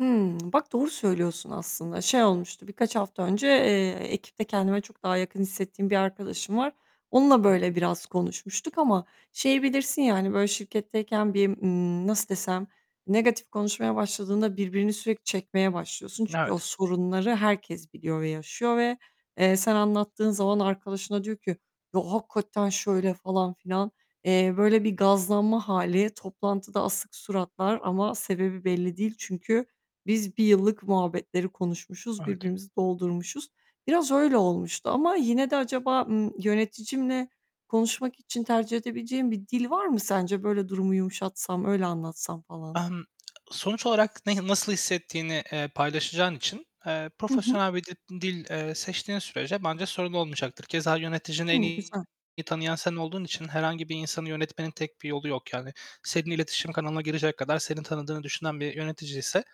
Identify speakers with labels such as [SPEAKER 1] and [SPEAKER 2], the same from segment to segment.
[SPEAKER 1] Hımm, bak doğru söylüyorsun aslında. Şey olmuştu, birkaç hafta önce, eee, ekipte kendime çok daha yakın hissettiğim bir arkadaşım var. Onunla
[SPEAKER 2] I hı.
[SPEAKER 1] böyle biraz konuşmuştuk ama şeyi bilirsin ya, hani, böyle, şirketteyken bir, ımm nasıl desem? Negatif konuşmaya başladığında birbirini sürekli çekmeye başlıyorsun. Çünkü o
[SPEAKER 2] Evet.
[SPEAKER 1] sorunları herkes biliyor ve yaşıyor ve, eee, sen anlattığın zaman arkadaşına diyor ki "Ya, hakikaten şöyle..." falan filan. Eee, böyle bir gazlanma hâli, toplantıda asık suratlar ama sebebi belli değil. Çünkü biz 1 yıllık muhabbetleri konuşmuşuz,
[SPEAKER 2] Evet.
[SPEAKER 1] birbirimizi doldurmuşuz. Biraz öyle olmuştu ama yine de acaba, ımm, yöneticimle konuşmak için tercih edebileceğim bir dil var mı sence? Böyle, durumu yumuşatsam, öyle anlatsam falan.
[SPEAKER 2] Emm, sonuç olarak ne nasıl hissettiğini, eee, paylaşacağın için, eee,
[SPEAKER 1] Hı hı.
[SPEAKER 2] profesyonel bir dip dil, eee, seçtiğin sürece bence sorun olmayacaktır. Keza yöneticini en
[SPEAKER 1] Hı,
[SPEAKER 2] iyi
[SPEAKER 1] güzel.
[SPEAKER 2] tanıyan sen olduğun için herhangi bir insanı yönetmenin tek bir yolu yok yani. Senin iletişim kanalına girecek kadar seni tanıdığını düşünen bir yöneticiyse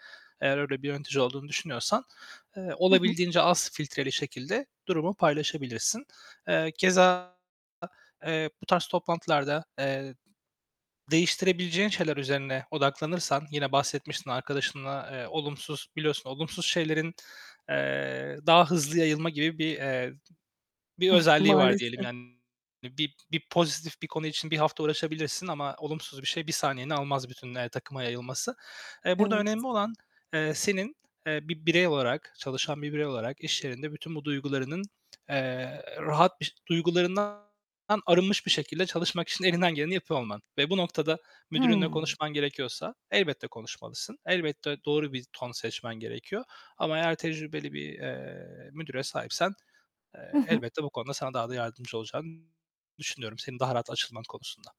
[SPEAKER 2] -eğer öyle bir yönetici olduğunu düşünüyorsan eee,
[SPEAKER 1] Hı hı.
[SPEAKER 2] olabildiğince az filtreli şekilde durumu paylaşabilirsin. Eee, keza, eee, bu tarz toplantılarda, eee değiştirebileceğin şeyler üzerine odaklanırsan Yine bahsetmiştin arkadaşınla, eee, olumsuz biliyorsun olumsuz şeylerin, eee, daha hızlı yayılma gibi bir, eee, bir özelliği var diyelim
[SPEAKER 1] Maalesef.
[SPEAKER 2] yani. Bir bir pozitif bir konu için 1 hafta uğraşabilirsin ama olumsuz bir şey 1 saniyeni almaz bütün, eee, takıma yayılması. Eee, burada
[SPEAKER 1] Evet.
[SPEAKER 2] önemli olan, eee, senin, eee, bir birey olarak, çalışan bir birey olarak iş yerinde bütün bu duygularının, eee, rahat biş duygularından arınmış bir şekilde çalışmak için elinden geleni yapıyor olman ve bu noktada müdürünle
[SPEAKER 1] Hıı.
[SPEAKER 2] konuşman gerekiyorsa elbette konuşmalısın. Elbette doğru bir ton seçmen gerekiyor. Ama eğer tecrübeli bir, eee, müdüre sahipsen,
[SPEAKER 1] Hı
[SPEAKER 2] eee,
[SPEAKER 1] hı.
[SPEAKER 2] elbette bu konuda sana daha da yardımcı olacağını düşünüyorum senin daha rahat açılman konusunda.